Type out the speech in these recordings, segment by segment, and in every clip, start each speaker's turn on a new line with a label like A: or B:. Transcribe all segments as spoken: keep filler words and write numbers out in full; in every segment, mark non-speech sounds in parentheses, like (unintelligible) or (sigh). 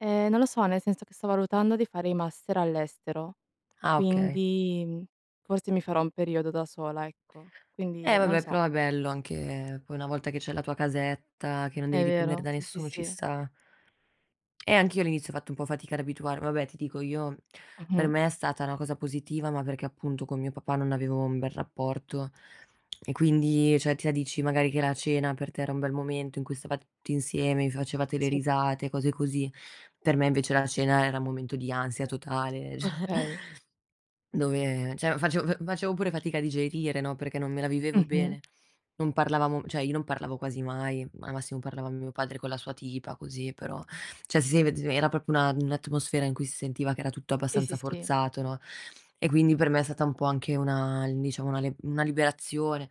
A: Eh, non lo so, nel senso che sto valutando di fare i master all'estero,
B: Ah, okay.
A: quindi forse mi farò un periodo da sola, ecco. Quindi,
B: E
A: non lo
B: vabbè,
A: so.
B: però è bello anche poi una volta che c'hai la tua casetta, che non
A: È
B: devi dipendere
A: vero,
B: da
A: sì, sì,
B: nessuno, ci
A: sì.
B: sta. Eh, anch'io all'inizio ho fatto un po' fatica ad abituarmi. Vabbè, ti dico, per
A: Mh-mh.
B: me è stata una cosa positiva, ma perché appunto con mio papà non avevo un bel rapporto e quindi, ceh, tu mi dici magari che la cena per te era un bel momento in cui stavate tutti insieme, vi facevate le
A: Sì.
B: risate, cose così. Per me invece la cena era un momento di ansia totale, ceh
A: Okay.
B: dove, ceh, facevo fa facevo pure fatica a digerire, no, perché non me la vivevo
A: Mh-mh.
B: bene. Non parlavamo, cioè io non parlavo quasi mai, al massimo parlavano mio padre con la sua tipa, così, però, ceh, si (unintelligible) era proprio una un'atmosfera in cui si sentiva che era tutto
A: Sì, sì,
B: abbastanza
A: sì.
B: forzato, no, e quindi per me è stata un po' anche una, diciamo, una lib una liberazione.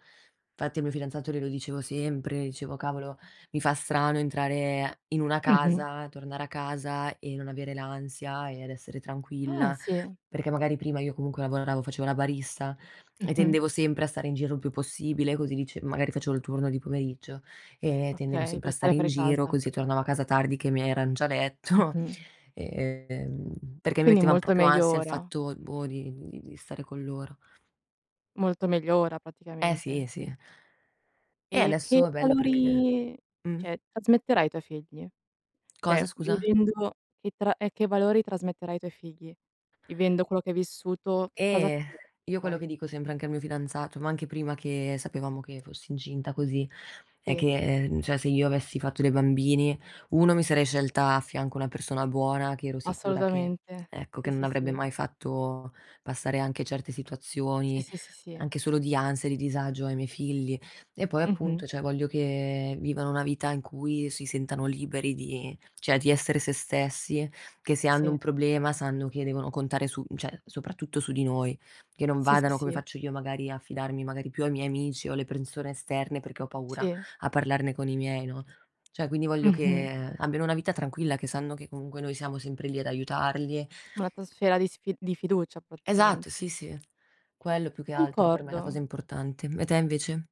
B: Infatti al mio fidanzato glielo dicevo sempre, dicevo: "Cavolo, mi fa strano entrare in una
A: Mh-mh.
B: casa, tornare a casa e non avere l'ansia e ad essere
A: Ah!
B: tranquilla",
A: Sì.
B: perché magari prima io comunque lavoravo, facevo la barista e
A: Mh-mh.
B: tendevo sempre a stare in giro il più possibile, così, dici, magari facevo il turno di pomeriggio e tendevo
A: Okay,
B: sempre
A: per
B: a
A: stare
B: stare in
A: fuori
B: giro,
A: casa.
B: così tornavo a casa tardi che i miei eran già a letto,
A: Mh-mh.
B: ehm, perché mi
A: Quindi
B: mettevano
A: molto
B: proprio
A: meglio
B: ansia il
A: ora.
B: fatto, boh, di di di stare con loro.
A: Molto meglio ora
B: Eh si,
A: praticamente.
B: eh sì. E
A: E che
B: adesso è bello perché
A: valori,
B: uhm.
A: ceh, trasmetterai ai tuoi figli? Cioè,
B: Cosa, scusa?
A: vivendo che tra e che valori trasmetterai ai tuoi figli? Vivendo quello che hai vissuto, che cosa
B: Eh,
A: accadrebbe
B: io quello
A: poi?
B: che dico sempre anche al mio fidanzato, ma anche prima che sapevamo che fossi incinta così, è
A: Sì.
B: che, ceh, se io avessi fatto dei bambini, uno mi sarei scelta a fianco una persona buona che ero sicura che,
A: Assolutamente.
B: ecco,
A: Sì,
B: che non
A: sì,
B: avrebbe
A: sì.
B: mai fatto passare anche certe
A: Sì,
B: situazioni,
A: sì, sì, sì.
B: anche solo di ansia e di disagio ai miei figli. E poi appunto,
A: Mh-mh.
B: ceh, voglio che vivano una vita in cui si sentano liberi di, ceh, di essere se stessi, che se hanno un
A: Sì.
B: problema sanno che devono contare su, ceh, soprattutto su di noi, che non
A: Sì, sì,
B: vadano, come
A: sì.
B: faccio io magari, a fidarmi magari più dei miei amici o le persone esterne perché ho paura
A: Sì.
B: a parlarne con i miei, no? ceh, quindi voglio
A: Mh-mh.
B: che abbiano una vita tranquilla, che sanno che comunque noi siamo sempre lì ad aiutarli.
A: Un'atmosfera di sfi di fiducia,
B: Esatto,
A: praticamente.
B: sì, sì. Quello più che altro per me è la cosa
A: Concordo.
B: importante. E te invece?